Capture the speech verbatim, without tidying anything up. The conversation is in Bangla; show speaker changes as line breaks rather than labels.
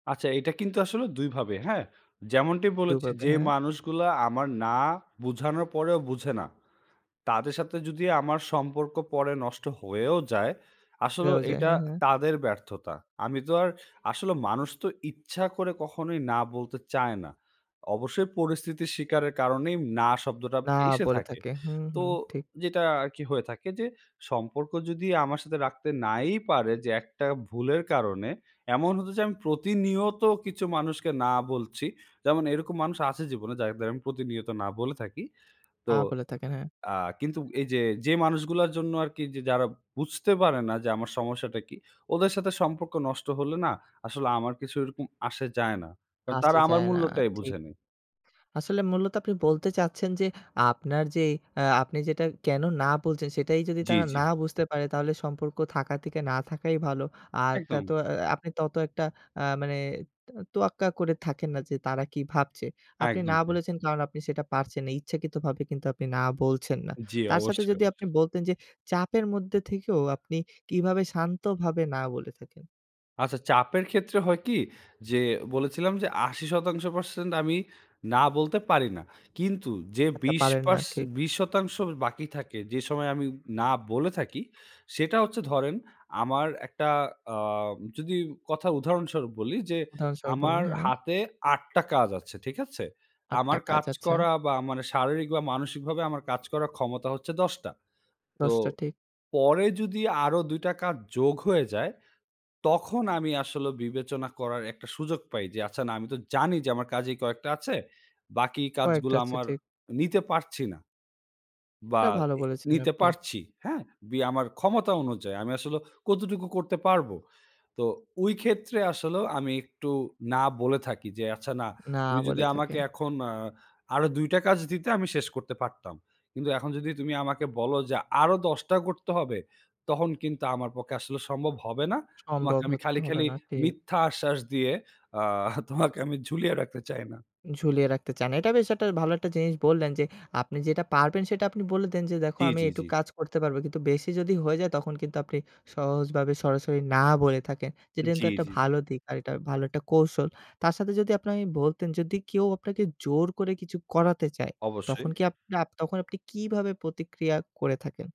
আচ্ছা, এটা কিন্তু আসলে দুই ভাবে হ্যাঁ? যেমনটি বলেছি
দুভাবে,
যে
হ্যাঁ।
মানুষগুলা আমার না বোঝানোর পরেও বুঝে না। তাদের সাথে যদি আমার সম্পর্ক পরে নষ্ট হয়েও যায়, আসলেও
হয়েও যায়।
এটা
হ্যাঁ, হ্যাঁ।
তাদের ব্যর্থতা। আমি তো আর আসলে মানুষ তো ইচ্ছা করে কখনোই না বলতে চায় না। অবশ্যই পরিস্থিতির স্বীকারের কারণেই না শব্দটা
না
এসে
পড়ে
থাকে।
থাকে। হুম,
তো
হুম। ঠিক।
যেটা আরকি হয়ে থাকে যে সম্পর্ক যদি আমার সাথে রাখতে নাই পারে যে একটা ভুলের কারণে এমন হতো যে আমি প্রতিনিয়ত কিছু মানুষকে না বলছি যেমন এরকম মানুষ আছে জীবনে যাতে আমি প্রতিনিয়ত না বলে থাকি।
আ
তো
বলে থাকে, হ্যাঁ।
আ কিন্তু এই যে, যে মানুষগুলার জন্য আরকি যে যারা বুঝতে পারে না যে আমার সমস্যাটা কি ওদের সাথে সম্পর্ক নষ্ট হলে না আসলে আমার কিছু ওরকম আসে যায় না। কারণ
আসে
তারা আমার
যায় না।
মূল্যটাই
ঠিক।
বুঝে নেই।
আসলে মূলত আপনি বলতে চাচ্ছেন যে আপনার যে আ আপনি যেটা কেনো না বলছেন সেটাই যদি
জ্বি,
তারা
জ্বি।
না বুঝতে পারে তাহলে সম্পর্ক থাকা থেকে না থাকাই ভালো। আর তত
একদম।
আ আপনি তত একটা আ মানে ত তোয়াক্কা করে থাকেন না যে তারা কি ভাবছে। আপনি
একদম
না
তাই।
বলেছেন কারণ আপনি সেটা পারছেন না। ইচ্ছাকৃতভাবে কিন্তু আপনি না বলছেন না।
জ্বি,
তার সাথে
অবশ্যই,
যদি আপনি
অবশ্যই।
বলতেন যে চাপের মধ্যে থেকেও আপনি কিভাবে শান্তভাবে না বলে থাকেন?
আচ্ছা, চাপের ক্ষেত্রে হয় কি যে বলেছিলাম যে আশি শতাংশ percent আমি না বলতে পারি না। কিন্তু যে
আচ্ছা
বিশ
পাবেন না,
পারস
ঠিক।
বিশ শতাংশ বাকি থাকে যে সময় আমি না বলে থাকি। সেটা হচ্ছে ধরেন আমার একটা আম যদি কথা উদাহরণস্বরূপ বলি যে আমার
হ্যাঁ।
হাতে আট টা কাজ আছে, ঠিক আছে?
আট টা
আমার
কাজ।
কাজ
আচ্ছা।
করা বা মানে শারীরিক বা মানসিকভাবে আমার কাজ করার ক্ষমতা হচ্ছে দশ টা। তো
দশ টা ঠিক।
পরে যদি আরো দুই টা কাজ যোগ হয়ে যায় তখন আমি আসলে বিবেচনা করার একটা সুযোগ পাই যে আচ্ছা না আমি তো জানি যে আমার কাজেই কয়েকটা আছে। বাকি
কয়েকটা
কাজগুলা
আছে
আমার
ঠিক।
নিতে পারছি না। বা
এটা ভালো
এ
বলেছেন
নিতে
আপনি।
পারছি। হ্যাঁ? বি আমার ক্ষমতা অনুযায়ী আমি আসলে কতটুকু করতে পারবো। তো ঐ ক্ষেত্রে আসলেও আমি একটু না বলে থাকি যে, "আচ্ছা না,
না
তুমি যদি
বলে
আমাকে
থাকেন।
এখন আ আরো দুই টা কাজ দিতে আমি শেষ করতে পারতাম। কিন্তু এখন যদি তুমি আমাকে বলো যে আরো দশ টা করতে হবে, তখন কিন্তু আমার পক্ষে আসলে সম্ভব হবে না। তোমাকে
সম্ভব
আমি
হত
খালি,
হবে
খালি
না ঠিক।
মিথ্যা আশ্বাস দিয়ে আ তোমাকে আমি ঝুলিয়ে রাখতে চাই না।"
ঝুলিয়ে রাখতে চান। এটা বেশ ভালো একটা জিনিস বললেন যে আপনি যেটা পারবেন সেটা আপনি বলে দেন যে, "দেখো
জ্বী,
আমি
জ্বী,
এইটুক
জ্বী।
কাজ করতে পারব।" কিন্তু বেশি যদি হয়ে যায় তখন কিন্তু আপনি সহজভাবে সরাসরি না বলে থাকেন। যেটা কিন্তু
জ্বী,
একটা
জ্বী, জ্বী।
ভালো দিক আর ভালো একটা কৌশল। তার সাথে যদি আপনি বলতেন যদি কেউ আপনাকে জোর করে কিছু করাতে চায় তখন
অবশ্যই।
কি আপ আ তখন আপনি কিভাবে প্রতিক্রিয়া করে থাকেন?